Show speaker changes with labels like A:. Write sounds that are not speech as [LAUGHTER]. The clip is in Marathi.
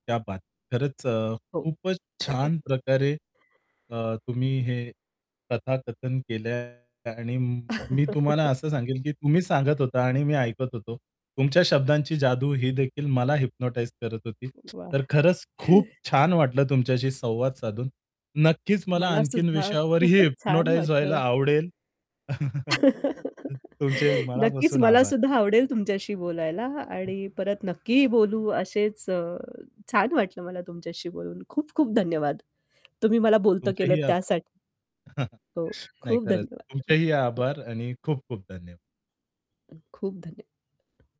A: क्या बात! खरंच, अ,
B: हो.
A: खूपच छान प्रकारे
B: [CHUCKLES]
A: अ, तुम्ही हे कथाकथन केलंय आणि म मी तुम्हाला असं सांगेल की तुम्ही सांगत
B: [LAUGHS]
A: होता आणि मी ऐकत होतो. तुमच्या शब्दांची जादू ही देखील मला हिप्नोटाईझ करत होती.
B: वाह!
A: तर खरंच खूप
B: [CHUCKLES]
A: छान वाटलं तुमच्याशी संवाद साधून. नक्कीच मला आणखीन
B: मलासुद्धा
A: विषयावरही
B: खूपच छान
A: हिप्नोटाईझ व्हायला
B: वाटलं.
A: आवडेल. [CHUCKLES] अ,
B: [LAUGHS]
A: तुमचे
B: नक्कीच
A: मनापासून
B: मला
A: आभार.
B: सुद्धा आवडेल तुमच्याशी बोलायला
A: हं.
B: आणि परत नक्की बोलू असेच अ, छान वाटलं मला तुमच्याशी बोलून. खूप खूप धन्यवाद तुम्ही मला बोलतं केलंत
A: तुमच्याही आब
B: त्यासाठी.
A: [CHUCKLES]
B: हो,
A: नाही,
B: खूप
A: खरंच.
B: धन्यवाद. हो,
A: तुमचेही
B: हं.
A: आभार आणि खूप खूप धन्यवाद.
B: अ, खूप धन्य